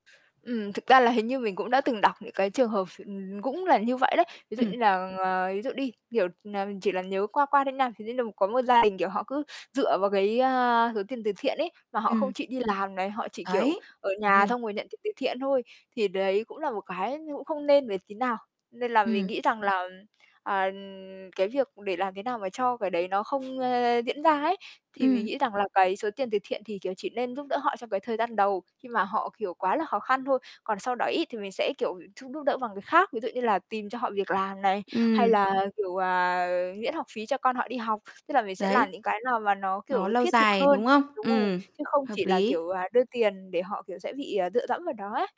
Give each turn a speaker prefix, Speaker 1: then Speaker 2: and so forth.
Speaker 1: Ừm, thực ra là hình như mình cũng đã từng đọc những cái trường hợp ph cũng là như vậy đấy. Ví dụ
Speaker 2: Ừm.
Speaker 1: như là, ờ, ví dụ đi, kiểu là, chỉ là nhớ qua qua thôi nha, thì đấy là có một gia đình, kiểu, họ cứ dựa vào cái, ơ, số tiền từ thiện ấy, mà họ không
Speaker 2: Ừm.
Speaker 1: chịu đi làm này, họ chỉ, kiểu,
Speaker 2: Đấy,
Speaker 1: ở
Speaker 2: đúng
Speaker 1: nhà
Speaker 2: rồi.
Speaker 1: xong rồi nhận tiền từ thiện thôi. Thì đấy cũng là một cái như cũng không nên vậy tí nào. Nên là mình
Speaker 2: Ừm.
Speaker 1: nghĩ rằng là, à, cái việc để làm thế nào mà cho cái đấy nó không, ơ, diễn ra ấy, thì mình
Speaker 2: Ừm.
Speaker 1: nghĩ rằng là cái số tiền từ thiện thì, kiểu, chỉ nên giúp đỡ họ trong cái thời gian đầu, khi mà họ, kiểu, quá là khó khăn thôi. Còn sau đó ấy thì mình sẽ, kiểu, giúp giúp đỡ bằng cái khác, ví dụ như là tìm cho họ việc làm này, hay
Speaker 2: Ừm.
Speaker 1: là, kiểu, à, miễn học phí cho con họ đi học, tức là mình sẽ làm
Speaker 2: Đấy.
Speaker 1: những cái nào mà nó,
Speaker 2: Nó
Speaker 1: kiểu,
Speaker 2: lâu
Speaker 1: thiết thực
Speaker 2: dài, đúng
Speaker 1: hơn
Speaker 2: không?
Speaker 1: đúng rồi,
Speaker 2: Ừm,
Speaker 1: chứ không
Speaker 2: hợp
Speaker 1: chỉ là,
Speaker 2: lý.
Speaker 1: kiểu, à, đưa tiền để họ, kiểu, sẽ bị, ờ, dựa dẫm vào đó ấy.